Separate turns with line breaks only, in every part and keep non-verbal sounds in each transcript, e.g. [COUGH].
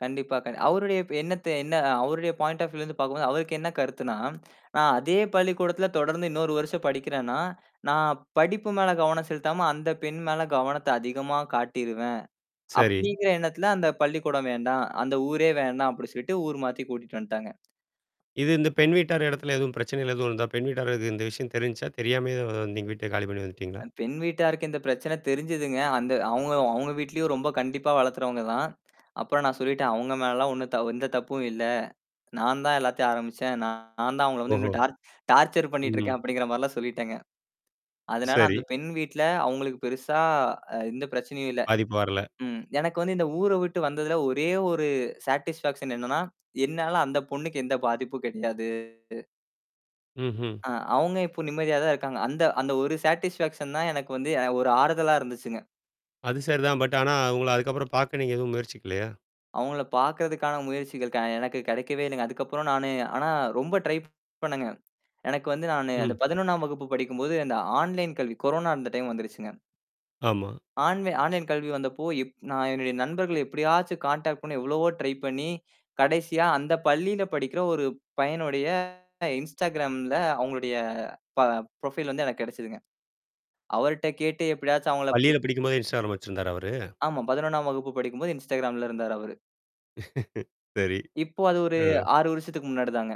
கண்டிப்பா, க அவருடைய இப்ப எண்ணத்த என்னா அவருடைய பாயிண்ட் ஆஃப் வியூல இருந்து பாக்கும்போது, அவருக்கு என்னா கருத்துன்னா? ஆ அதே பள்ளிக்கூடத்துல தொடர்ந்து இன்னொரு வருஷம் படிக்கிறேன்னா, "நான் படிப்பு மேல கவனம் செலுத்தாம, அந்தப் பெண் மேல கவனத்த அதிகமா காட்டிருவேன்!"
சரி.
அப்படிங்கிற எண்ணத்துல, "அந்தப் பள்ளிக்கூடம் வேண்டாம், அந்த ஊரே வேண்டாம்" அப்படி சொல்லிட்டு ஊர் மாத்தி கூட்டிட்டு வந்த்ட்டாங்க.
இது இந்த பெண் வீட்டார் எடத்துல எதுவும் பிரச்சனைகள் எதுவும் இருந்தா? பெண் வீட்டாருக்கு இந்த விஷயம் தெரிஞ்ச்சா? தெரியாமயே வந்தீங் வீட்டை காலி பண்ணீ வந்துட்டீங்களா?
அ பெண் வீட்டாருக்கு இந்தப் பிரச்சனை தெரிஞ்சதுங்க. அந்த அவுங்க அவுங்க வீட்லயும் ரொம்ப கண்டிப்பா வளர்க்குரவங்க தான். அப்புறம் நான் சொல்லிட்டேன் "அவுங்க மேல எல்லாம் ஒண்ணும் தவ எந்த தப்பும் இல்ல, நான் தான் எல்லாத்தையும் ஆரம்பிச்சேன். நான் நான் தான் அவுங்கள வந்து
ஓஹோ.
இன்னும் டார்ச் டார்ச்சர்
ம்.
பண்ணீட்டுருக்கேன்" அப்படிங்கிற மாரில்லாம் சொல்லிட்டேங்க. அதனால,
சரி.
அந்தப் பெண் வீட்ல அவுங்களுக்கு பெருசா அ எந்தப் பிரச்சனையும் இல்ல.
பாதிப்பு வரல.
ம், எனக்கு வந்து, இந்த ஊர விட்டு வந்ததுல, ஒரே ஒரு சாடிஸ்பாக்சன் என்னான்னா? என்னால அந்தப் பொண்ணுக்கு எந்தப் பாதிப்பும் கெடையாது.
ம்ஹ்ம்.
ஆ, அவுங்க இப்ப நிம்மதியாதான் இருக்காங்க. அந்த அந்த ஒரு சாடிஸ்பாக்சன் தான் எனக்கு வந்து எ ஒரு ஆறுதலா இருந்துச்சுங்க.
அது சரிதான். பட் ஆனா அவுங்கள அதுக்கப்புறம் பாக்க நீங்க எதுவும் முயற்சிக்கலையா?
அவுங்கள பாக்கிறதுக்கான முயற்சிகள் க எனக்குக் கெடைக்கவே இல்லைங்க. அதுக்கப்புறம் நானு ஆனா ரொம்ப ட்ரை பண்ணேங்க. எனக்கு வந்து நானு
ம்.
அந்தப் 11ஆம் வகுப்பு படிக்கும்போது இந்த ஆன்லைன் கல்வி கொரோனா இருந்த டைம் வந்துருச்சுங்க.
ஆமா.
ஆன்லைன் ஆன்லைன் கல்வி வந்தப்போ, எப் நான் என்னுடைய நண்பர்கள எப்படியாச்சும் கான்டாக்ட் பண்ண எவ்வளவோ ட்ரை பண்ணி, கடைசியா அந்தப் பள்ளியில படிக்கிற ஒரு பையனுடைய, இன்ஸ்டாக்ராம்ல அவுங்களுடைய ப ப்ரொஃபைல் வந்து எனக்குக் கெடச்சுதுங்க. அவருட்ட கேட்டு எப்படியாச்சும் அவுங்களை பு
பள்ளியில படிக்கும் போதே, இன்ஸ்டாக்ராம் வச்சிருந்தாரா அவரு?
ஆமாம், 11ஆம் வகுப்பு படிக்கும்போது இன்ஸ்டாக்ராம்ல இருந்தார் அவரு.
[LAUGHS] சரி,
இப்போ அது ஒரு
ஆ.
6 வருஷத்துக்கு முன்னாடிதாங்க.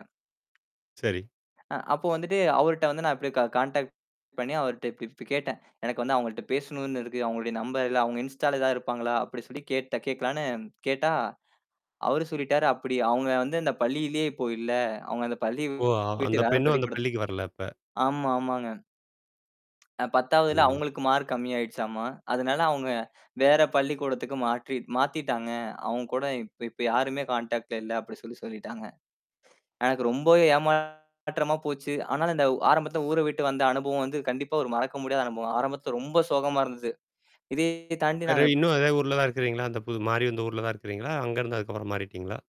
சரி.
ஆ, அப்போ வந்துட்டு, அவருட்ட வந்து நான் அப்படியே க காண்டாக்ட் பண்ணி அவருட்ட இப்டி இப்டீ கேட்டேன். "எனக்கு வந்து அவங்கள்ட்ட பேசணும்ன்னு இருக்கு. அவங்களுடைய நம்பர் இல்ல. அவுங்க இன்ஸ்ட்டால, ஏதாவது இருப்பாங்களா?" அப்படி சொல்லிக் கேட்ட கேட்கலான்னு கேட்டா, அவரு சொல்லிட்டாரு, அப்படி, "அவுங்க வந்து அந்தப் பள்ளியிலயே இப்போ இல்ல. அவுங்க அந்தப் பள்ளிய
ஓ! ஆ,
விட்டு
அந்தப்
வேற
பெண்ணும், அந்தப்
பள்ளிக்கூடத்துக்கு"
பள்ளிக்கு வரல அப்ப.
ஆமா. ஆமாங்க. அ "10வதுல
ம்.
அவுங்களுக்கு மார்க் கம்மியா ஆயிடுச்சாம்மா! அதனால அவுங்க வேற பள்ளிக்கூடத்துக்கு மாற்றி மாத்திட்டாங்க. அவுங்க கூட இப்ப இப்ப யாருமே கான்டாக்ட்ல இல்லை" அப்படி சொல்லி சொல்லிட்டாங்க. எனக்கு ரொம்பவே ஏமாற்றமா போச்சு. ஆனாலும், அந்த ஆரம்பத்துல ஊர விட்டு வந்த அனுபவம் வந்து, கண்டிப்பா ஒரு மறக்க முடியாத அனுபவம். ஆரம்பத்துல ரொம்ப சோகமா இருந்தது. இதைய தாண்டி
வேற
நாங்க
இன்னும் அதே ஊர்ல தான் இருக்கிறீங்களா? அந்த பு மாரி அந்த ஊர்ல தான் இருக்குறீங்களா? அங்க இருந்து அதுக்கப்புறம் மாறிட்டீங்களா?